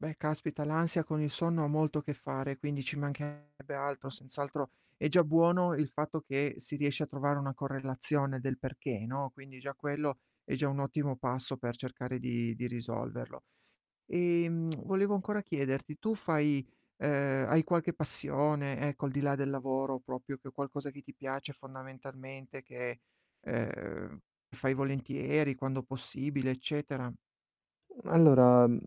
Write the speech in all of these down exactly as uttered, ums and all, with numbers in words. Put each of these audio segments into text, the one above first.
Beh, caspita l'ansia con il sonno ha molto a che fare, quindi ci mancherebbe altro, senz'altro è già buono il fatto che si riesce a trovare una correlazione del perché, no, quindi già quello, è già un ottimo passo per cercare di di risolverlo. Ehm, volevo ancora chiederti, tu fai ehm, hai qualche passione ecco, al di là del lavoro propio che è qualcosa che ti piace fondamentalmente, che ehm, fai volentieri quando possibile eccetera? Mhmm, allora, mhmm,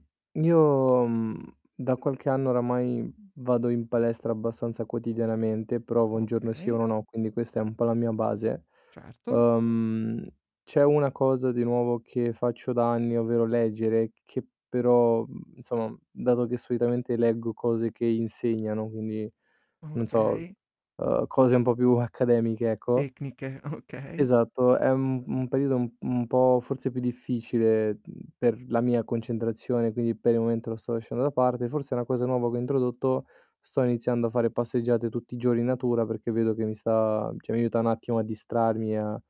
io, mhmm, da qualche anno oramai vado in palestra abbastanza quotidianamente, provo un giorno sì e Okay. uno no, quindi questa è un po' la mia base. Certo. Uhm, c'è una cosa di nuovo che faccio da anni, ovvero leggere, che però, mhmm, nsomm dato che solitamente leggo cose che insegnano, quindi, non so, Okay. uhm, cose un po' più accademiche ecco Tecniche, okay. Esatto, è un un periodo u un po' forse più difficile, mhmm, per la mia concentrazione quindi per il momento lo sto lasciando da parte, forse è una cosa nuova che ho introdotto, sto iniziando a fare passeggiate tutti i giorni in natura perché vedo che mi sta cioè mi aiuta n'attimo a distrarmi a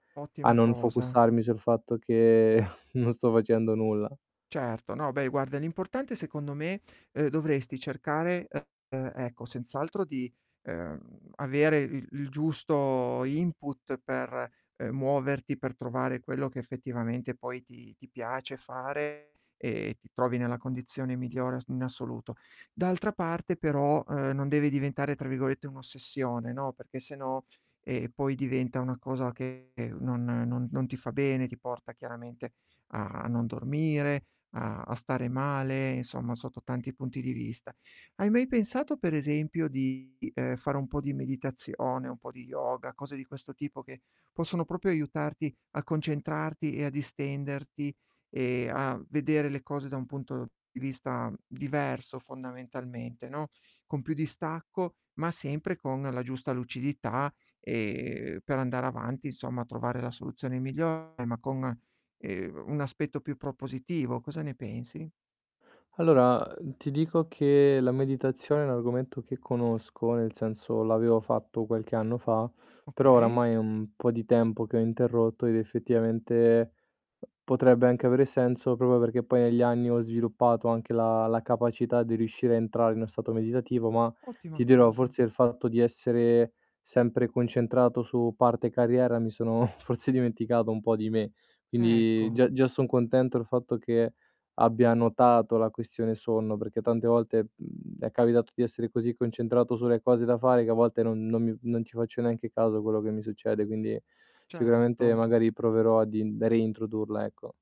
a Ottima non cosa. focussarmi sul fatto che non sto facendo nulla. Certo, no, beh guarda l'importante secondo me, uhm, dovresti cercare, ehm, ecco, senz'altro di, ehm, avere il il giusto input per, ehm, muoverti, per trovare quello che effettivamente poi ti ti piace fare e ti trovi nella condizione migliore as in assoluto. D'altra parte però, ehm, non devi diventare tra virgolette "un'ossessione", no, perché sennò, ehm, poi diventa una cosa che non non non ti fa bene, ti porta chiaramente a non dormire, a a stare male, insomma sotto tanti punti di vista. Hai mai pensato per esempio di, ehm, fare un po' di meditazione, un po' di yoga, cose di questo tipo che possono propio aiutarti a concentrarti e a distenderti, e a vedere le cose da un punto di vista diverso fondamentalmente, no, con più distacco, ma sempre con la giusta lucidità, ehm, per andare avanti insomma, trovare la soluzione migliore, ma con, ehm, un aspetto più propositivo, cosa ne pensi? Allora, uhm, ti dico che la meditazione è un argomento che conosco, nel senso l'avevo fatto qualche anno fa, però Okay. oramai è un po' di tempo che ho interrotto ed effettivamente potrebbe anche avere senso propro perché poi negli anni ho sviluppato anche la la capacità di riuscire a entrare in 'no stato meditativo, ma Ottima ti dirò, cosa. forse il fatto di essere sempre concentrato su parte carriera mi sono forse dimenticato un po' di me. Quindi Ecco. già già son contento il fatto che abbia notato la questione sonno, perché tante volte, mhmm, è capitato di essere così concentrato sulle cose da fare che a volte non non mi non ci faccio neanche caso quello che mi succede, quindi sicuramente Certo. magari proverò ad in da reintrodurla, ecco.